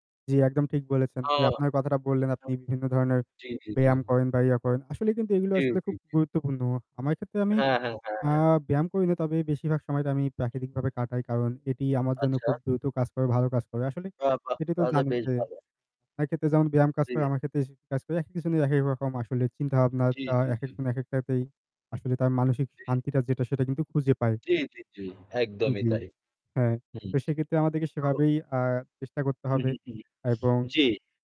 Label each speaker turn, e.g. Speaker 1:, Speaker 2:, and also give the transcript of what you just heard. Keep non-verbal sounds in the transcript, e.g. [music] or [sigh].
Speaker 1: জ্বি একদম ঠিক বলেছেন।
Speaker 2: ও!
Speaker 1: যে আপনার কথাটা বললেন আপনি
Speaker 2: [unintelligible]
Speaker 1: বিভিন্ন ধরনের
Speaker 2: জি, জি, জি।
Speaker 1: ব্যায়াম করেন বা ইয়া করেন। আসলেই কিন্তু এইগুলা
Speaker 2: জী,
Speaker 1: আসলে
Speaker 2: জী,
Speaker 1: খুব
Speaker 2: জি।
Speaker 1: গুরুত্বপূর্ণ আমায় ক্ষেত্রে আমি
Speaker 2: হ্যাঁ, হ্যাঁ, হ্যাঁ,
Speaker 1: আ
Speaker 2: হ্যাঁ।
Speaker 1: ব্যায়াম করি না। তবে বেশিরভাগ সময় তা আমি প্রাকৃতিকভাবে কাটাই। কারণ, এটি আমার জন্য
Speaker 2: আচ্ছা।
Speaker 1: খুব দ্রুত কাজ করে, ভালো কাজ করে। আসলে
Speaker 2: বাহ! বাহ!
Speaker 1: এটি তো
Speaker 2: তাহলে তো
Speaker 1: জানেন
Speaker 2: বেশ
Speaker 1: যে,
Speaker 2: ভালো।
Speaker 1: একেতে যেমন ব্যায়াম কাজ
Speaker 2: জি।
Speaker 1: করে, আমার ক্ষেত্রে সে কাজ করে। একেক জনের একেক রকম আসলে চিন্তাভাবনা
Speaker 2: জী,
Speaker 1: আ
Speaker 2: জী, জি।
Speaker 1: একেকজন একেকটাতেই আসলে তার মানসিক
Speaker 2: জি।
Speaker 1: শান্তিটা যেটা সেটা কিন্তু খুঁজে পায়।
Speaker 2: জি, জি, জি।
Speaker 1: উম
Speaker 2: একদমই
Speaker 1: জী।
Speaker 2: তাই।
Speaker 1: হ্যাঁ,
Speaker 2: হুম।
Speaker 1: তো সেক্ষেত্রে আমাদেরকে
Speaker 2: [unintelligible]
Speaker 1: সেভাবেই আ চেষ্টা করতে
Speaker 2: হুম,
Speaker 1: হবে
Speaker 2: হুম, হুম।
Speaker 1: এবং
Speaker 2: জি।